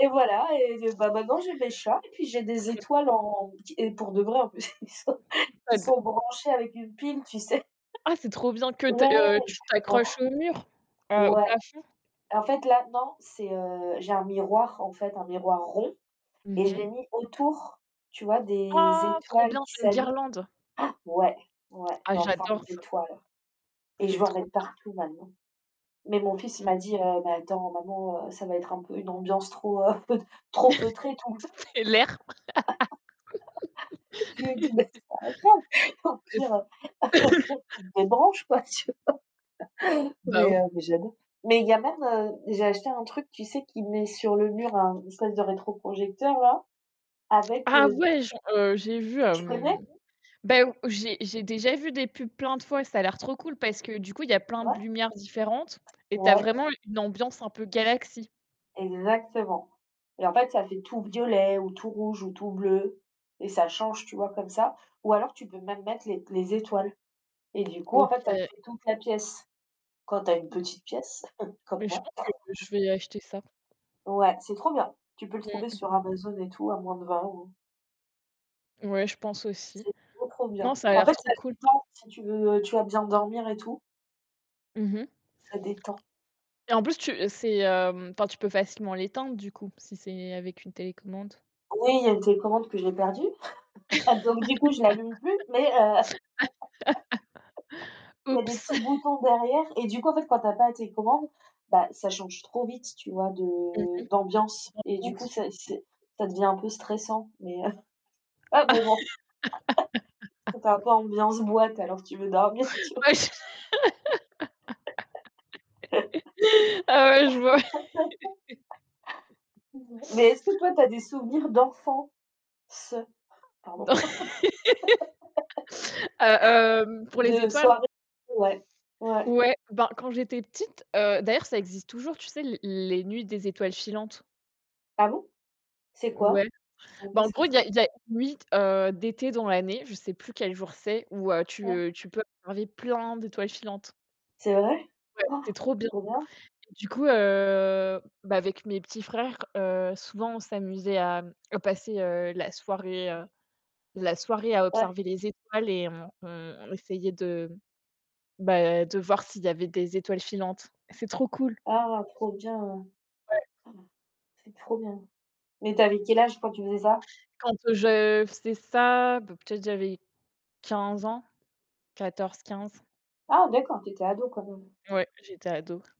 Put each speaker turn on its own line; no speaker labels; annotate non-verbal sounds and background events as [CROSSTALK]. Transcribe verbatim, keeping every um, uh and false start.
Et voilà et gue maintenant j'ai mes chats et puis j'ai des
OK.
étoiles en ti et pour de vrai en plus, qui sont
Pas
qui
de
sont branchées avec une pile, tu sais?
Ah c'est trop bien que
[CHUCKLES]
t
Ouais.
heu tu tu accroches
[UNINTELLIGIBLE]
au mur, heu, au
Ouais.
plafond.
En fait, là, non c'est, heu, j'ai un miroir, en fait, un miroir rond et
Mmh
je l'ai
mh.
mis autour, tu vois, des
Ah! Trop
étoiles
bien,
qui
c'est une
s'allument.
guirlande.
[GASPS] Ouais, ouais,
Ah
dans forme
j'adore ça.
d'étoile et je
C'est
vais en
trop
mettre
bien.
partout maintenant, mais mon fils, il
Ouais
m'a dit: «Heu, mais attends maman, heu, ça va être un peu une ambiance trop, heu, [CHUCKLES] trop feutrée tout le temps».
[LAUGHS] C'est lerpre
[LAUGHS] Je lui ai dit: «Mais
[LAUGHS]
c'est pas grave, au
Et c
pire, heu, [CHUCKLES] au
[COUGHS]
pire tu te débranches quoi» Tu vois?
Bah o
Mais heu, mais j'aime beaucoup, mais il y en a, heu, j'ai acheté un truc, tu sais, qui met sur le mur un espèce de rétroprojecteur-là, avec,
Ah
heu,
ouais, j'en, heu, j'ai vu,
tu connais?
hem, ben ou j'ai j'ai déjà vu des pubs plein de fois, ça a l'air trop cool, parce que du coup, y a plein
Ouais.
de lumières différentes et tu as
Ouais.
vraiment une ambiance un peu galaxie.
Exactement et en fait, ça fait tout violet ou tout rouge ou tout bleu et ça change, tu vois, comme ça, ou alors, tu peux même mettre les les étoiles et du coup, en fait, ça te
OK.
fait toute la pièce, quand tu as une petite pièce [CHUCKLES] comme
Mais je
moi.
pense que je vais acheter ça.
Ouais, c'est trop bien. Tu peux le trouver
Mmh.
sur Amazon et tout, à moins de vingt euros.
Ouais, je pense aussi.
C'est trop trop
Non,
bien.
ça a
En
l'air
fait
trop
ça
cool.
détend si tu veux, tu vois bien dormir et tout.
Mmh mh.
Ça détend.
Et en plus tu c'est, hem, enfin tu peux facilement l'éteindre du coup, si c'est avec une télécommande.
Oui, il y a une télécommande que j'ai perdu, [CHUCKLES] donc du coup, j'allume plus, mais heu, [LAUGHS]
[LAUGHS]
il y a des
Oups.
petits
[CHUCKLES]
boutons derrière et du coup en fait quand tu as pas la télécommande, bah ça change trop vite, tu vois,
Mmh
de d'ambiance et du
mh.
coup, ça
[UNINTELLIGIBLE]
c'est ça devient un peu stressant, mais heu, [CHUCKLES] ouais, mais bon, [LAUGHS] ça fait un peu
[LAUGHS]
ambiance boîte, alors que tu veux dormir tu vois?
Ouais j [LAUGHS] Ah ouais je vois. [CHUCKLES]
[LAUGHS] Mais est-ce que toi, tu as des souvenirs d'enfants, ce pardon
Dans
[LAUGHS]
[LAUGHS] a, hem, pour les
de
étoiles.
soirées, ouais, ouais.
Ouais. Ben quand j'étais petite, heu, d'ailleurs, ça existe toujours, tu sais, l les nuits des étoiles filantes.
Ah bon? C'est quoi?
Ouais.
Je sais même
Ben
pas
en
ce que
gros,
c'est.
il y a il y a une nuit, heu, d'été dans l'année, je sais plus quel jour c'est, où, heu, tu,
Ah.
heu, tu peux enlever plein d'étoiles filantes.
C'est vrai?
Ouais, c'est
[GASPS]
trop bien.
Trop bien.
Du coup, heu, bah avec mes petits frères, heu, souvent on s'amusait à, mmh, à passer, heu, la soirée, heu, la soirée à
Ouais.
observer les étoiles et on on on essayait de, bah de voir s'il y avait des étoiles filantes. C'est trop cool.
Ah! Trop bien.
Ouais.
[GASPS] C'est trop bien, mais tu avais quel âge quand tu faisais ça?
Quand, heu, je faisais ça, b peut-être j'avais quinze ans, quatorze-quinze.
Ah d'accord tu étais ado quand même.
Ouais, j'étais ado.